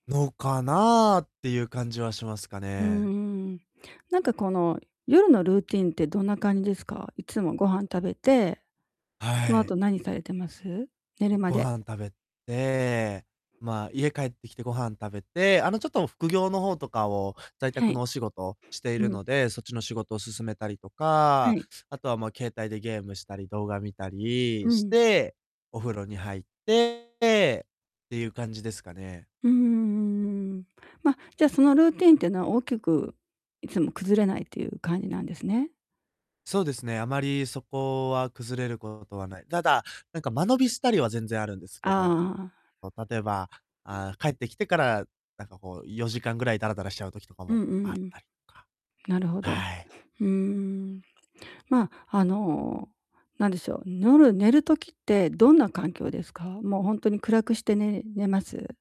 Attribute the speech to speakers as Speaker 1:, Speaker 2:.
Speaker 1: のかなってゆう、感じはしますか
Speaker 2: うんう
Speaker 1: ね。
Speaker 2: んうん。なんかこの、夜のルーティンってどんな感じですか？いつも、ご飯食べて、そ
Speaker 1: は
Speaker 2: の
Speaker 1: い。
Speaker 2: 後何されてます？寝るま
Speaker 1: ご
Speaker 2: で。
Speaker 1: 飯食べて、まあ、家帰ってきてご飯食べて、あの、ちょっと副業の方とかを、在
Speaker 2: は
Speaker 1: 宅
Speaker 2: い。
Speaker 1: のお仕事してい
Speaker 2: う
Speaker 1: る
Speaker 2: ん。
Speaker 1: ので、そっちの仕事を進めたりと
Speaker 2: は
Speaker 1: か、
Speaker 2: い。
Speaker 1: あとは、ま、携帯でゲームしたり、動画見たり
Speaker 2: う
Speaker 1: し
Speaker 2: ん。
Speaker 1: て、お風呂に入ってってゆう感じですかね。
Speaker 2: うーん、うんうん。ま、じゃあ、そのルーティーンっていうのは大きく、いつも崩れないっていう感じなんですね？
Speaker 1: そうですね。あまりそこは崩れることはない。ただ、なんか間延びしたりは全然あるんです
Speaker 2: あ
Speaker 1: けど、
Speaker 2: あああ。
Speaker 1: ま、例えば、ああ、帰ってきてから、なんかこう、4時間ぐらいダラダラしちゃう時とか
Speaker 2: うんう
Speaker 1: も
Speaker 2: ん
Speaker 1: あっ
Speaker 2: うん。
Speaker 1: たりとか。
Speaker 2: なるほど。
Speaker 1: はい。
Speaker 2: うーん。まあ、あの、なんでしょう、夜、寝る時ってどんな環境ですか？もう、ほんとに暗くして、ね寝ます？